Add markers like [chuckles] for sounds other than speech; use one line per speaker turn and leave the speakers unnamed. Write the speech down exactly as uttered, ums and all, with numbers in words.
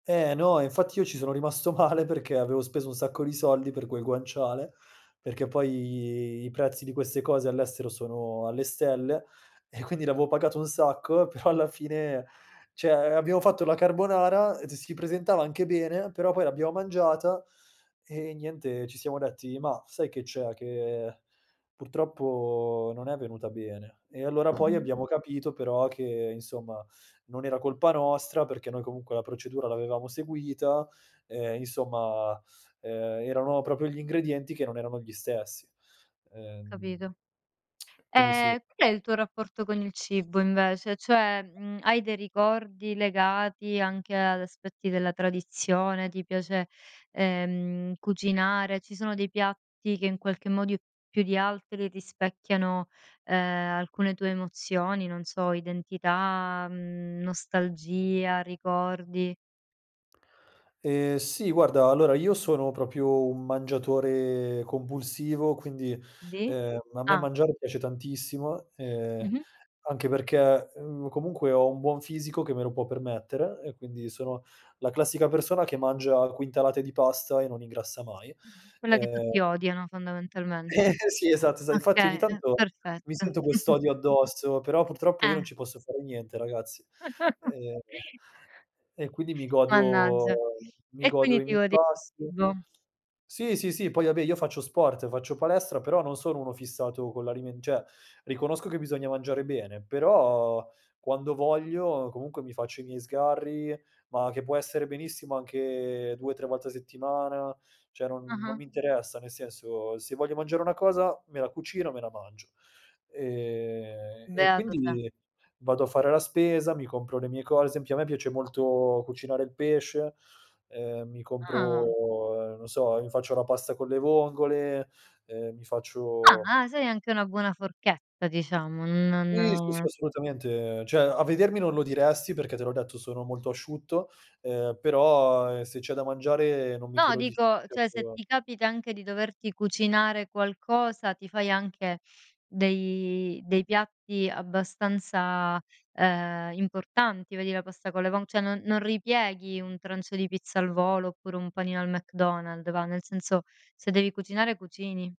Eh, no, e infatti io ci sono rimasto male perché avevo speso un sacco di soldi per quel guanciale, perché poi i prezzi di queste cose all'estero sono alle stelle e quindi l'avevo pagato un sacco, però alla fine ceh, abbiamo fatto la carbonara, d si presentava anche bene, però poi l'abbiamo mangiata e niente, ci siamo detti: "Mah, sai che c'è? Che purtroppo non è venuta bene." E allora poi
Mh-mh.
abbiamo capito però che insomma, non era colpa nostra perché noi comunque la procedura l'avevamo seguita, ehm, insomma, ehm, erano proprio gli ingredienti che non erano gli stessi. Ehm
Capito.
[clicks tongue] quindi sì.
Ehm, qual è il tuo rapporto con il cibo invece? Cioè, mhmm, hai dei ricordi legati anche ad aspetti della tradizione? Ti piace, ehm, cucinare? Ci sono dei piatti che in qualche modiu più di altri rispecchiano, ehm, alcune tue emozioni, non so, identità, mhmm, nostalgia, ricordi?
Ehm, sì. Guarda, allora, io sono proprio un mangiatore compulsivo, quindi,
Di?
ehm, a me
Ah!
mangiare piace tantissimo, ehm,
Mh-mh.
anche perché, mhmm, comunque ho un buon fisico che me lo può permettere e quindi sono la classica persona che mangia quintalate di pasta e non ingrassa mai.
Quella che
Ehm
tutti odiano
Eh,
fondamentalmente.
[chuckles] sì, esatto. Sai infatti ogni
Okay. Mh,
tanto mi
perfetto.
sento
[chuckles]
quest'odio addosso, però purtroppo io non
Eh.
ci posso fare niente ragazzi. Ehm,
[laughs]
e quindi mi godo
Mannaggia.
mi
E
godo
quindi
i
ti
miei
godi
pasti.
[unintelligible]
Sì, sì, sì. Poi vabbè, io faccio sport, faccio palestra, però non sono uno fissato con l'alimen ceh, riconosco che bisogna mangiare bene, però quando voglio comunque mi faccio i miei sgarri, ma che può essere benissimo anche due tre volte a settimana, ceh non non
Ah-ah.
mi interessa, nel senso, se voglio mangiare una cosa me la cucino, me la mangio. Ehm, e e
Beato te.
quindi vado a fare la spesa, mi compro le mie co ad sempio a me piace molto cucinare il pesce, ehm, mi
Ah!
compro, ehm, non so, mi faccio la pasta con le vongole, ehm, mi faccio
Ah, eh, sei anche una buona forchetta diciamo, n
Sì, sì, sì,
non
assolutamente. Cioè, a vedermi non lo diresti perché te l'ho detto, sono molto asciutto, ehm, però, ehm, se c'è da mangiare non mi
No,
tiro di
dico cioè, se
certo
ti capita anche di doverti cucinare qualcosa, ti fai anche dei dei piatti abbastanza, ehm, importanti, vedi la pasta con le von ceh, non non ripieghi un trancio di pizza al volo oppure un panino al McDonald's, va nel senso, se devi cucinare cucini.